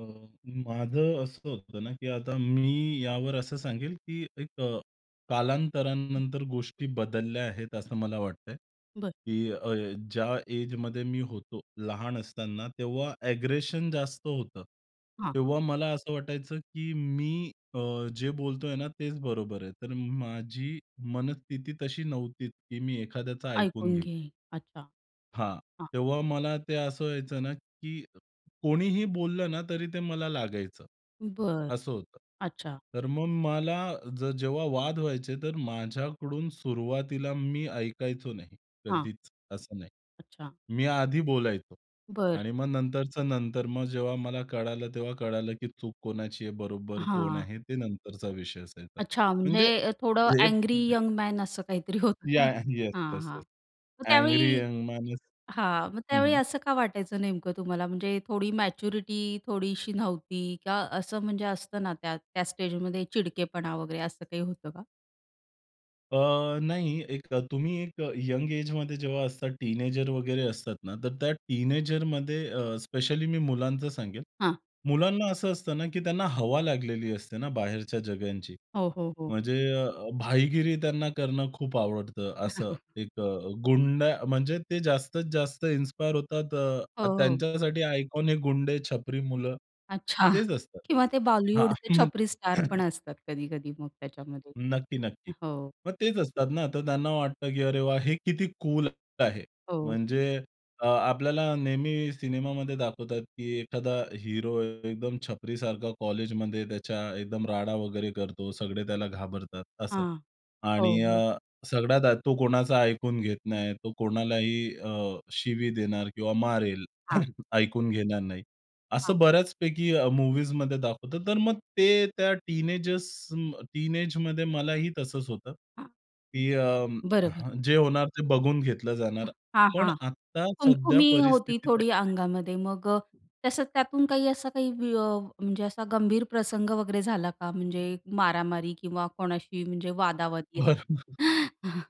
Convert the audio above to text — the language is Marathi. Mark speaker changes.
Speaker 1: अ, माझं असं होतं ना, की आता मी यावर असं सांगेल, की एक अ, कालांतरानंतर गोष्टी बदलल्या आहेत असं मला वाटतंय.
Speaker 2: बरं.
Speaker 1: की अ, ज्या एजमध्ये मी होतो, लहान असताना तेव्हा अ‍ॅग्रेशन जास्त होतं.
Speaker 2: हां.
Speaker 1: तेव्हा मला असं वाटायचं, की मी अ, जे बोलतोय ना तेच बरोबर आहे. तर माझी मनस्थिती तशी नव्हती, की मी एखाद्याचं ऐकून
Speaker 2: ऐकून
Speaker 1: घेईल.
Speaker 2: घेईल. अच्छा,
Speaker 1: हां,
Speaker 2: हां.
Speaker 1: तेव्हा मला ते असं व्हायचं ना, की कोणीही बोललं ना, तरी ते मला लागायचं
Speaker 2: बरं,
Speaker 1: असं होतं.
Speaker 2: अच्छा.
Speaker 1: तर मग मला जर जेव्हा वाद व्हायचे, तर माझ्याकडून सुरुवातीला मी ऐकायचो नाही,
Speaker 2: हां.
Speaker 1: कधीच असं नाही.
Speaker 2: अच्छा.
Speaker 1: मी आधी बोलायचो
Speaker 2: बरं.
Speaker 1: आणि मग नंतरच्या नंतर. मग जेव्हा मला कळालं, तेव्हा कळालं की चूक कोणाची आहे बरोबर कोण
Speaker 2: हां.
Speaker 1: आहे ते नंतरचा विषय असायचा.
Speaker 2: अच्छा,
Speaker 1: म्हणजे
Speaker 2: म्हणजे अ, थोडं
Speaker 1: हे
Speaker 2: अँग्री यंग मॅन असं काहीतरी होतं का?
Speaker 1: या याह येस
Speaker 2: हां,
Speaker 1: येस
Speaker 2: हां,
Speaker 1: येस.
Speaker 2: मग
Speaker 1: अँग्री
Speaker 2: त्यावेळी
Speaker 1: यंग माणूस.
Speaker 2: हां, मग
Speaker 1: हं,
Speaker 2: त्यावेळी
Speaker 1: हं.
Speaker 2: असं का वाटायचं नेमकं तुम्हाला म्हणजे थोडी मॅच्युरिटी थोडीशी नव्हती का असं म्हणजे असतं ना त्या त्या स्टेजमध्ये चिडकेपणा वगैरे असं काही होतं का?
Speaker 1: अ, नाही. एक तुम्ही एक अ, यंग एजमध्ये जेव्हा असतात. टीनेजर वगैरे असतात ना, तर त्या टीनेजरमध्ये अ, स्पेशली मी मुलांचं सांगेन.
Speaker 2: हां.
Speaker 1: मुलांना असं असतं ना, की त्यांना हवा लागलेली असते ना बाहेरच्या जगाची.
Speaker 2: हो, हो, हो.
Speaker 1: म्हणजे अ, भाईगिरी त्यांना करणं खूप आवडतं. असं एक अ, गुंडा म्हणजे ते जास्तीत जास्त इन्स्पायर होतात
Speaker 2: हो,
Speaker 1: अ,
Speaker 2: हो.
Speaker 1: त्यांच्यासाठी आयकॉन हे गुंडे, छपरी मुलं
Speaker 2: अच्छा
Speaker 1: तेच असतं.
Speaker 2: किंवा ते
Speaker 1: हां,
Speaker 2: बॉलिवूडचे
Speaker 1: म्हण
Speaker 2: छपरी स्टार पण असतात कधी-कधी मग त्याच्यामध्ये.
Speaker 1: नक्की, नक्की.
Speaker 2: हं, हो.
Speaker 1: मग तेच असतात ना, तर त्यांना वाटतं, की अरे, वाह! हे किती कूल आहे.
Speaker 2: हो.
Speaker 1: म्हणजे अ, आपल्याला नेहमी सिनेमामध्ये दाखवतात, की एखादा हीरो एकदम छपरीसारखा कॉलेजमध्ये त्याच्या एकदम राडा वगैरे करतो, सगळे त्याला घाबरतात असं
Speaker 2: हां,
Speaker 1: आणि
Speaker 2: हो, हो.
Speaker 1: अ, सगळ्यात आधी तो कोणाचा ऐकून घेत नाही, तो कोणालाही अ, शिवी देणार किंवा मारेल,
Speaker 2: हां.
Speaker 1: ऐकून घेणार नाही.
Speaker 2: हां.
Speaker 1: असं बऱ्याचपैकी अ, मूव्हीजमध्ये दाखवत. तर मग ते त्या टीनेजर्स टीनेजमध्ये मलाही तसंच होतं.
Speaker 2: हां.
Speaker 1: की अ,
Speaker 2: बरोबर.
Speaker 1: जे होणार ते बघून घेतलं जाणार.
Speaker 2: हां,
Speaker 1: पण
Speaker 2: हां.
Speaker 1: आत्ता सध्या
Speaker 2: खुम-खुमी होती
Speaker 1: परिस्थिती
Speaker 2: थोडी
Speaker 1: तशी नाही.
Speaker 2: अंगामध्ये मग अ, तसं त्यातून काही असा काही विय अ, म्हणजे असा गंभीर प्रसंग वगैरे झाला का म्हणजे मारामारी किंवा कोणाशी म्हणजे वादा-वादी असं?
Speaker 1: बरोबर.